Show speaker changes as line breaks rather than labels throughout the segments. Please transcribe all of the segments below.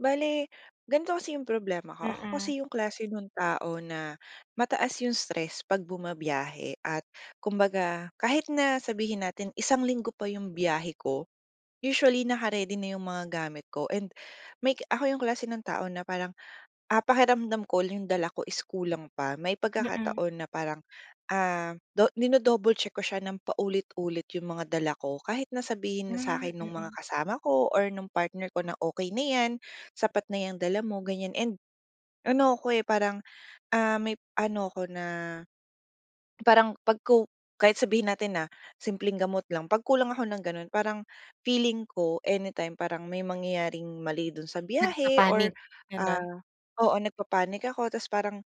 Bale, ganito kasi 'yung problema ko, ako kasi
Mm.
'yung klase nun tao na mataas 'yung stress 'pag bumabiyahe at kumbaga, kahit na sabihin natin isang linggo pa 'yung biyahe ko, usually, naka-ready na 'yung mga gamit ko and may ako 'yung klase ng tao na parang, ah, pakiramdam ko 'yung dala ko is kulang pa. May
Mm.
pagkakataon na parang, ah, do dino-double check ko siya ng paulit-ulit 'yung mga dala ko. Kahit na sabihin na sa
Hmm,
akin nung mga
mm.
kasama ko or nung partner ko na, "Okey na 'yan, sapat na 'yang dala mo," ganiyan and ano ako, eh, parang, ah, may ano ako na parang 'pag ko kahit sabihin natin na, simpleng gamot lang, pag kulang ako ng gano'n, parang feeling ko anytime parang may mangyayaring mali do'n sa biyahe or
Nagpapanic, gano'n?
ah, oo, nagpapanic ako tapos parang,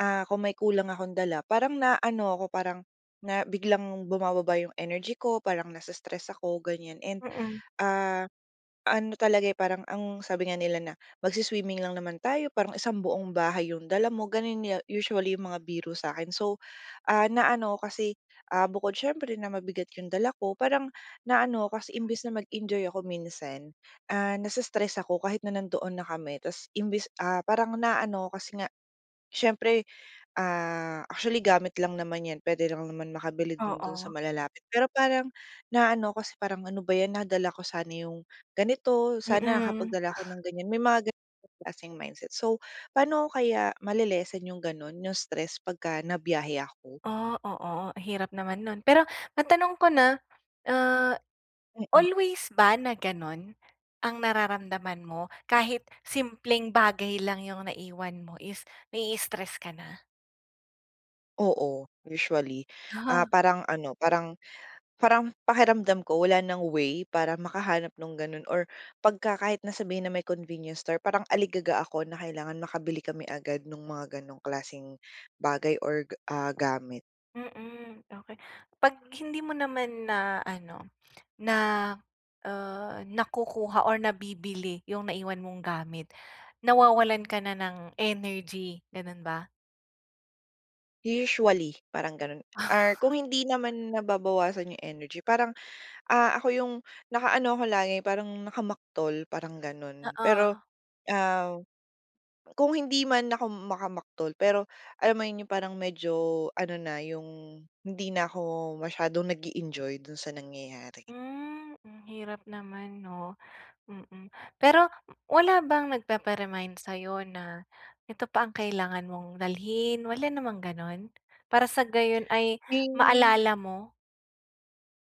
ah, kung may kulang akong dala parang naano ako parang na biglang bumababa 'yong energy ko, parang nasa-stress ako, ganiyan. And,
Mm.
ah, ano talaga, eh, parang ang sabi nga nila na, "Magswi-swimming lang naman tayo parang isang buong bahay 'yong dala mo." Gano'n usually 'yong mga biro sa akin. So, ah, na ano 'ko kasi, ah, bukod siyempre na mabigat 'yung dala ko parang naano ako kasi imbes na mag-enjoy ako minsan, ah, nasa-stress ako, ah, kahit na nandoon na kami. Tapos imbes ah, parang naano ako kasi nga siyempre, ah, actually gamit lang naman 'yan puwede lang naman makabili din do'n sa
Oo.
malalapit, pero parang, naano kasi parang, "Ano ba 'yan, nadala ako sana 'yung ganito, sana
Mm.
nakapagdala ako ng ganiyan." May mga gano'ng klaseng mindset. So, paano ko kaya male-lessen 'yung gano'n, 'yung stress 'pagka nabiyahe ako?
Oh, oo, hirap naman no'n. Pero, matanong ko na, ah,
Mm.
always ba na gano'n ang nararamdaman mo kahit simpleng bagay lang 'yung naiwan mo is nai-stress ka na?
Oo, usually. Ah,
Aha
parang ano, parang parang pakiramdam ko wala ng way para makahanap nung ganun, or pagka kahit na sabihin na may convenience store, parang aligaga ako na kailangan makabili kami agad ng mga gano'ng klaseng bagay or ga ah, gamit.
Mm, okey. 'Pag hindi mo naman na ano, na ah, nakukuha or nabibili yung naiwan mong gamit, nawawalan ka na ng energy. Ganun ba?
Usually, parang ganun or kung hindi naman nababawasan yung energy, parang, ah, ako yung naka-ano ako lagi, parang nakamaktol, parang ganun. Pero,
Oo.
ah, kung hindi man ako makamaktol pero alam mo 'yon, yung parang medyo ano na, yung hindi na ako masyadong nag-e-enjoy dun sa nangyayari.
Hmm, ang hirap naman 'no. Mm. Pero wala bang nagpapa-remind sa'yo na ito pa ang kailangan mong dalhin, wala namang gano'n? Para sa gayon ay
Hmm.
maalala mo?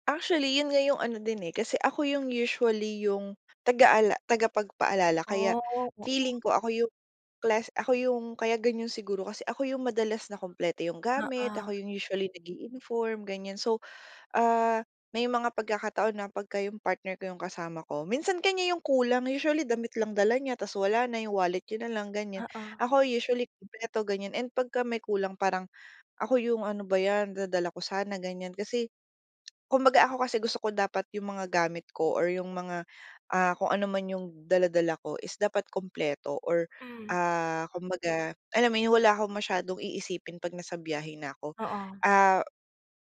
Actually, 'yon nga 'yong ano din eh, kasi ako 'yong usually 'yong, tagaala tagapagpaalala kaya
Oh, oo.
feeling ko, ako 'yong class ako 'yong kaya ganyan siguro, kasi ako 'yong madalas na kumpleto 'yong gamit,
Oo.
ako 'yong usually nag-i-inform, ganyan. So, ah, may mga pagkakataon na pagka 'yong partner ko 'yong kasama ko, minsan kaniya 'yong kulang, usually damit lang dala niya, tas wala na, 'yong wallet niya na lang, ganyan.
Oo.
Ako usually, kumpleto ganyan, and pagka may kulang parang, ako 'yong, "Ano ba 'yan, dadala ko sana", ganyan kasi, kumbaga ako kasi gusto ko dapat 'yong mga gamit ko or 'yong mga, ah, kung anuman 'yong dala-dala ko is dapat kumpleto or
Hmm.
ah, kumbaga, alam mo 'yon, wala akong masyadong iisipin 'pag nasa biyahe na ko.
Oo.
Ah,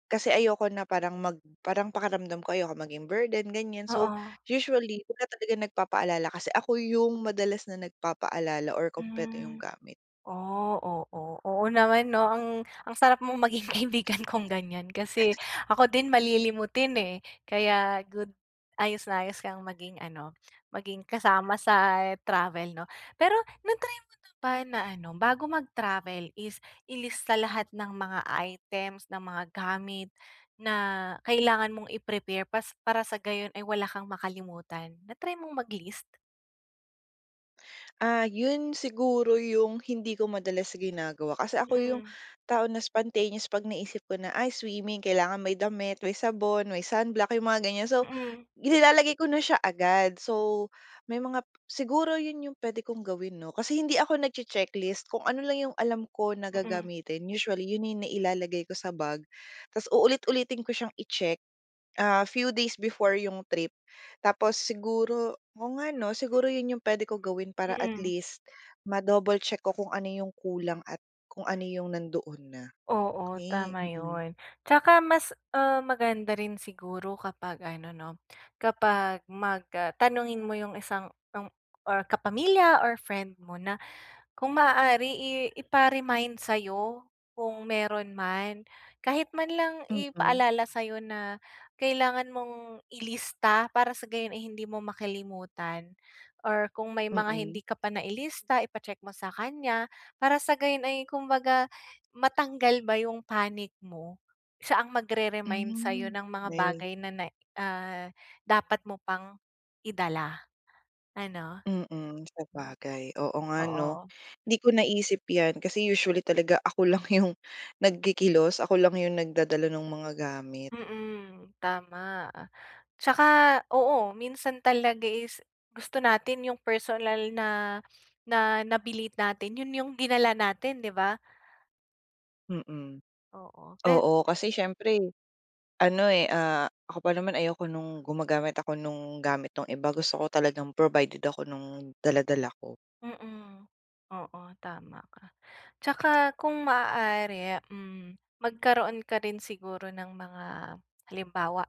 kasi ayoko na parang mag parang pakiramdam ko ayoko maging burden, ganyan. So,
Oo.
usually wala talagang nagpapaalala kasi, ako 'yong, madalas na nagpapaalala or kumpleto 'yong
Hmm.
gamit.
Oh, oo, oo naman, 'no? Ang, ang sarap mong maging kaibigan kung ganyan, kasi, ako din malilimutin eh, kaya good. Ayos na ayos kang maging ano, maging kasama sa travel, 'no. Pero, na-try mo na ba na ano, bago mag-travel is, ilista lahat ng mga items, ng mga gamit, na kailangan mong i-prepare pas para sa gayon, ay wala kang makalimutan, na-try mong mag-list?
Ah, 'yon siguro 'yong hindi ko madalas ginagawa, kasi ako 'yong
Hmm.
tao na spontaneous 'pag naisip ko na, "Ay, swimming, kailangan may damit, may sabon, may sunblock," 'yong mga ganyan. So,
Mm.
nilalagay ko na siya agad. So, may mga siguro yun yung puwede kong gawin 'no? Kasi hindi ako nagche-checklist. Kung ano lang yung alam ko na
Mm.
gagamitin, usually yun na yung nailalagay ko sa bag, ta's uulit-ulitin ko siyang i-check, ah, few days before yung trip. Tapos siguro oo nga 'no? Siguro yun yung puwede kong gawin para at
Mm.
least, ma-double check ko kung ano yung kulang at kung ano yung nandoon na.
Oo,
Okey,
tama
mm.
yun. Tsaka mas, um, maganda rin siguro kapag ano 'no, kapag mag, ah tanungin mo yung isang ang or kapamilya or friend mo na, kung maaari i ipa-remind sayo, kung meron man. Kahit man lang
Mm.
ipaalala sayo na kailangan mong ilista para sa gayon ay hindi mo makalimutan. Or kung may mga hindi
Mm.
ka pa nailista, ipa-check mo sa kanya, para sa gayon ay kumbaga, matanggal ba yung panic mo. Siya ang magre-remind sayo
Hmm,
ng mga
wey
bagay na ne ah, dapat mo pang, idala. Ano?
Mm, sabagay. Oo nga 'no?
Oo.
Hindi ko naisip 'yan kasi usually talaga ako lang 'yong, nagkikilos, ako lang 'yong nagdadala no'ng mga gamit.
Mm. Tama. Tsaka oo, minsan talaga is, gusto natin 'yong personal na na nabili natin, 'yon 'yong dinala natin, 'di ba?
Mm.
Oo, pe
Oo, kasi siyempre ano, eh, ah, ako pa naman ayoko no'ng gumagamit ako nung gamit ng iba. Gusto ko talagang provided ako no'ng dala-dala ko.
Mm, oo, tama ka. Tsaka kung maaari, hmm, magkaroon ka rin siguro ng mga halimbawa,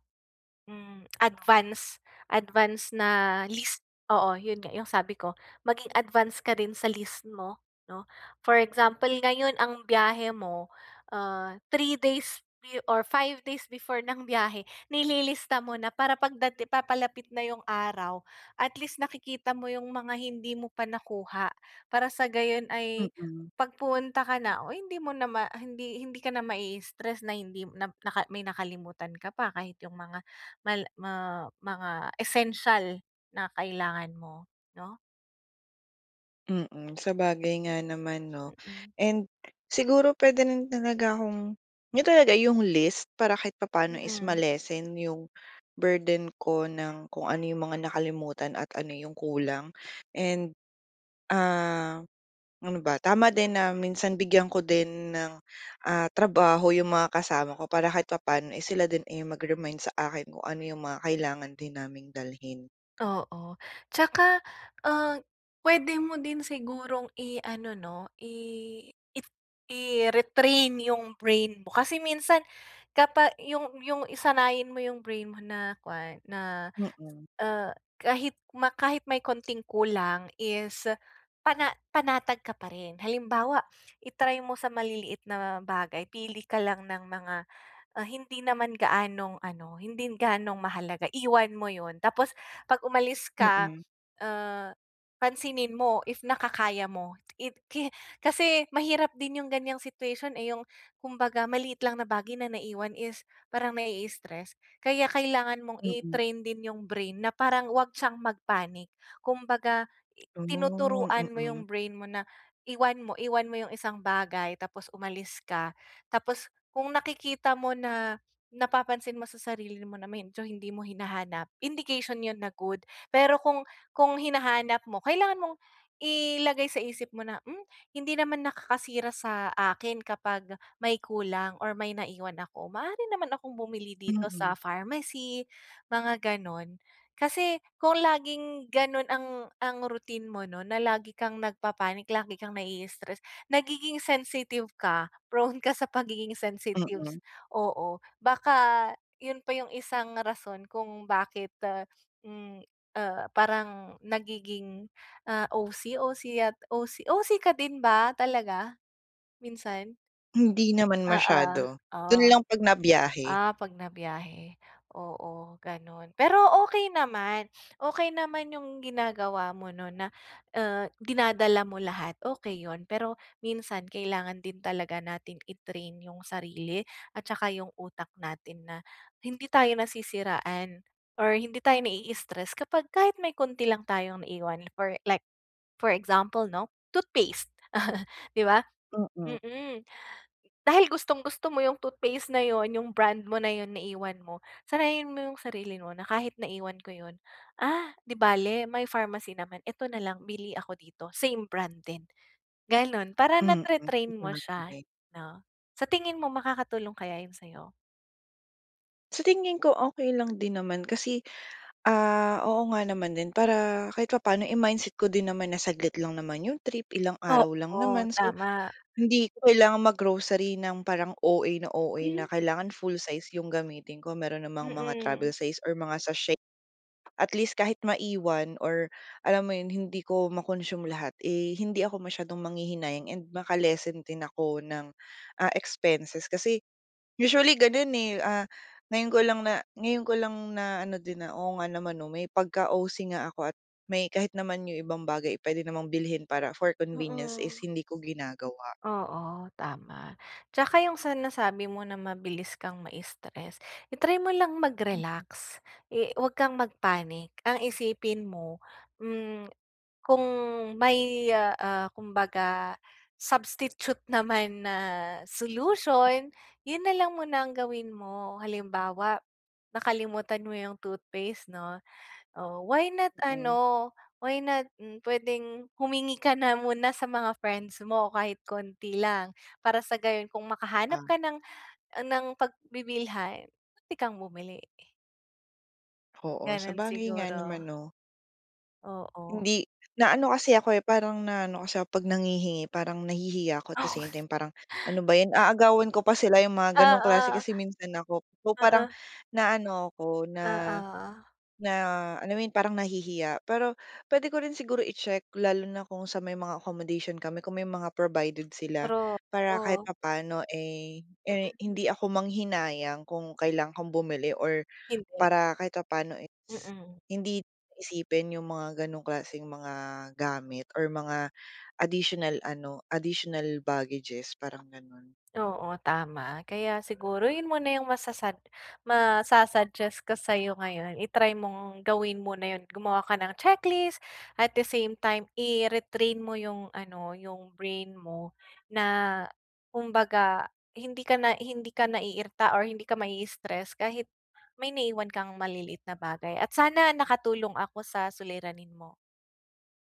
hmm, advance advance na list, oo, 'yun nga, 'yung sabi ko maging advance ka rin sa list mo 'no. For example ngayon ang biyahe mo, ah, 3 days be or 5 days before ng biyahe nililista mo na para 'pag dati papalapit na 'yung araw at least nakikita mo 'yung mga hindi mo pa nakuha. Para sa gayon ay
Mm.
pag pumunta ka na o hindi mo na hindi hindi ka na mai-stress na hindi na naka may nakalimutan ka pa kahit 'yung mga mal ma mga essential na kailangan mo, 'no?
Mm, sabagay nga naman 'no.
Mm.
And siguro puwede rin talaga akong 'yun talaga, 'yung list para kahit papaano is
Mm.
ma-lessen 'yung burden ko ng kung ano 'yung mga nakalimutan at ano 'yung kulang. And, ah, ano ba, tama din na minsan bigyan ko din ng, ah, trabaho 'yung mga kasama ko para kahit papano is sila din, eh, mag-remind sa akin kung ano 'yung mga kailangan din naming dalhin.
Oo. Tsaka, ah, puwede mo din sigurong iano 'no, i it i-retrain 'yung brain mo. Kasi minsan kapa 'yung 'yung sanayin mo 'yung brain mo na kuwan na,
Mm.
ah, kahit ma kahit may konting kulang is pana panatag ka pa rin. Halimbawa i-try mo sa maliliit na bagay, pili ka lang ng mga, ah, hindi naman gaanong ano, hindi gaanong mahalaga iwan mo 'yun tapos 'pag umalis ka,
Mm.
ah, pansinin mo if nakakaya mo. It ki kasi mahirap din 'yung ganiyang situation, eh, 'yung kumbaga maliit lang na bagay na naiwan is parang nai-stress, kaya kailangan mong
Mm.
i-train din 'yung brain na parang huwag siyang mag-panic. Kumbaga
Hmm,
tinuturuan mo
mm.
'yung brain mo na iwan mo iwan mo 'yung isang bagay tapos umalis ka, tapos kung nakikita mo na, napapansin mo sa sarili mo na medyo hindi mo hinahanap indication 'yun na good. Pero kung kung hinahanap mo kailangan mong ilagay sa isip mo na, "hmm, hindi naman nakakasira sa akin kapag may kulang or may naiwan ako maaari naman akong bumili dito
Mm.
sa pharmacy," mga gano'n. Kasi kung laging gano'n ang ang routine mo, 'no na lagi kang nagpapanic lagi kang nai-stress nagiging sensitive ka, prone ka sa pagiging
Mm.
sensitives, oo. Baka 'yun pa 'yung isang rason kung bakit, hmm, ah, parang nagiging, ah, OC- OC yat OC- OC ka din ba talaga, minsan?
Hindi naman
Oo,
masyado, dun
oh.
lang pag na biyahe.
Ah, 'pag na-byahe, oo gano'n, pero okey naman okey naman 'yong ginagawa mo no'n na, ah, dinadala mo lahat okey 'yon, pero minsan kailangan din talaga natin i-train 'yong sarili at saka 'yong utak natin na hindi tayo nasisiraan or hindi tayo nai-i-stress kapag kahit may konti lang tayong iwan for like for example 'no, toothpaste 'di ba?
Mm.
Mm, dahil gustong-gusto mo 'yong toothpaste na 'yon, 'yong brand mo na 'yon naiwan mo, sanayin mo 'yong sarili mo na kahit naiwan ko 'yon, "Ah, 'di bale may pharmacy naman eto na lang, bili ako dito same brand din." Gano'n para
Mm.
na-tre-train
Okey,
mo siya
okey.
'no? Sa tingin mo makakatulong kaya 'yon sayo?
Sa tingin ko okey lang din naman kasi ah oo nga naman din para kahit papaano eh mindset ko din naman na saglit lang naman 'yong trip, ilang araw lang
Oo
naman, so
tama.
hindi ko kailangan mag-grocery ng parang OA na OA na kailangan full size 'yong gamitin ko mayroon namang mga travel
Mm.
size or mga sachet at least kahit maiwan or alam mo 'yon hindi ko ma-consume lahat eh, hindi ako masyadong manghihinayang and maka-lessen din ako ng, ah, expenses kasi usually gano'n, eh, ah, ngayon ko lang na ngayon ko lang naano din, na oo nga naman no may pagka-OC nga 'ko at may kahit naman 'yong ibang bagay ay pwede namang bilhin para for convenience is
Oo.
hindi ko ginagawa.
Oo, tama 'tsaka yung sa nasabi mo na mabilis kang ma-istress, i-try mo lang mag-relax i 'wag kang mag-panic, ang isipin mo, hmm, kung may, ah ah, kumbaga substitute naman na solution, yun na lang muna ang gawin mo. Halimbawa nakalimutan mo yung toothpaste 'no, oh, why not
Mm.
ano why not, hmm, pwedeng humingi ka na muna sa mga friends mo kahit konti lang, para sa gayon kung makahanap ka ng ng pagbibilhan [unintelligible] kang bumili.
Oo,
Gano'n
sabagay nga naman,
siguro.
no.
Oo.
Hindi. Naano kasi ako, eh, parang naano kasi ako, eh, 'pag nanghihingi parang nahihiya ako at the
Oo.
same time parang, "ano ba 'yan aagawan ko pa sila?" 'yong mga gano'ng klase
Oo.
kasi minsan ako. So parang,
Oo.
naano ako na,
Oo.
na alam mo 'yun parang nahihiya pero puwede ko rin siguro i-check lalo na kung sa may mga accommodation kami kung may mga provided sila.
Truth,
Para kahit
oh.
papaano, eh, eh,
Mm.
hindi ako manghinayang kung kailangan kong bumili or
Hindi.
para kahit papaano is,
Mm.
hindi isipin 'yong mga ganong klaseng mga gamit or mga additional ano, additional baggages parang gano'n.
Oo, tama. Kaya siguro 'yun muna yung masasad masa-suggest ko sa'yo ngayon, i-try mong gawin muna 'yun at gumawa ka ng checklist at the same time i-retrain mo yung ano, yung brain mo, na kumbaga, hindi ka na, hindi ka naiirita or hindi ka maii-stress kahit, may naiwan kang maliliit na bagay at sana nakatulong ako sa suliranin mo.